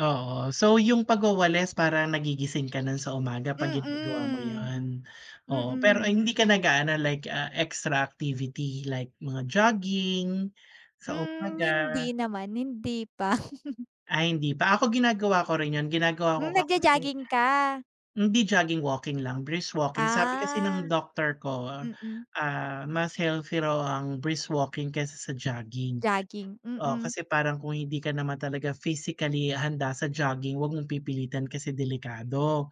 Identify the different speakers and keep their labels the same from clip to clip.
Speaker 1: Oo. So, yung pagwawalis parang nagigising ka nun sa umaga pag ginagawa mo
Speaker 2: Mm.
Speaker 1: yun? Oo, pero
Speaker 2: Mm.
Speaker 1: ay hindi ka nag-aano like, ah, extra activity like mga jogging, sa
Speaker 2: Hmm,
Speaker 1: umaga?
Speaker 2: hindi naman. Hindi pa.
Speaker 1: Ay, hindi pa. Ako ginagawa ko rin yun, ginagawa ko
Speaker 2: Hmm,
Speaker 1: ka sim
Speaker 2: nag-jajogging ka?
Speaker 1: hindi jogging, walking lang, brisk walking. Sabi kasi ng
Speaker 2: Ah,
Speaker 1: doktor ko,
Speaker 2: mm.
Speaker 1: ah, mas healthy raw ang brisk walking. kaysa sa jogging.
Speaker 2: Jogging,
Speaker 1: Oh,
Speaker 2: mm.
Speaker 1: kasi parang kung hindi ka naman talaga physically handa sa jogging huwag mong pipilitan kasi delikado.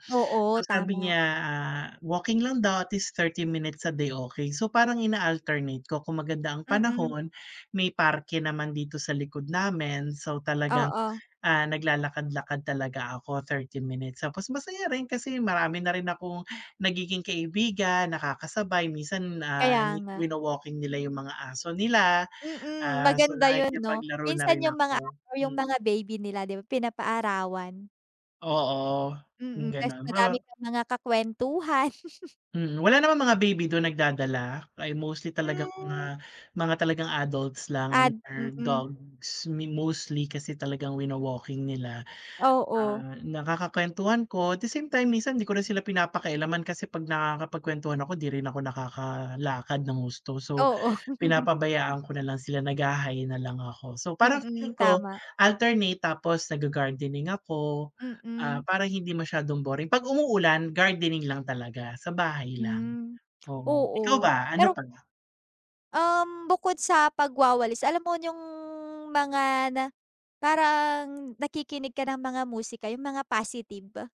Speaker 1: So,
Speaker 2: Oo,
Speaker 1: sabi
Speaker 2: tama.
Speaker 1: niya, ah, walking lang daw at least 30 minutes a day, okey. So, parang ina-alternate ko kung maganda ang
Speaker 2: Mm.
Speaker 1: panahon may parke naman dito sa likod namin. So, talagang,
Speaker 2: Oo.
Speaker 1: ah, naglalakad-lakad talaga ako 30 minutes, tapos masaya rin kasi marami na rin akong nagiging kaibigan, nakakasabay minsan, ah,
Speaker 2: Kaya
Speaker 1: nyi
Speaker 2: nga.
Speaker 1: wino-walking nila yung mga aso nila.
Speaker 2: Mm,
Speaker 1: Ah, so,
Speaker 2: maganda yun, no?
Speaker 1: nakipaglaro na
Speaker 2: Minsan
Speaker 1: rin
Speaker 2: yung mga
Speaker 1: ako,
Speaker 2: ano yung
Speaker 1: hmm.
Speaker 2: mga baby nila, di ba, pinapaarawan.
Speaker 1: Oo, hmm,
Speaker 2: Mm, tas
Speaker 1: ganun,
Speaker 2: madami
Speaker 1: huh
Speaker 2: kang mga kakwentuhan.
Speaker 1: Hmm, wala naman mga baby dun nagdadala? Ay, mostly talagang
Speaker 2: Hmm.
Speaker 1: mga mga talagang adults lang and
Speaker 2: Ad
Speaker 1: their
Speaker 2: mm.
Speaker 1: dogs. Mi mostly kasi talagang wino-walking nila.
Speaker 2: Oo.
Speaker 1: Ah, nakakakwentuhan ko at the same time minsan di ko rin sila pinapakialaman kasi pag nakakapagkwentuhan ako di rin ako nakakalakad ng husto. So,
Speaker 2: Oo.
Speaker 1: pinapabayaan ko na lang sila nagha-hi na lang ako. So, parang
Speaker 2: Mm,
Speaker 1: feeling ko
Speaker 2: tama.
Speaker 1: alternate tapos nagga-gardening ako. Ah,
Speaker 2: Mm.
Speaker 1: para hindi masiyadong boring pag umuulan gardening lang talaga sa bahay lang.
Speaker 2: Hmm.
Speaker 1: Oo, ikaw
Speaker 2: Oo,
Speaker 1: ba, ano
Speaker 2: pero
Speaker 1: pa?
Speaker 2: Um, bukod sa pagwawalis, alam mo yung mga na parang nakikinig ka ng mga musika yung mga positive.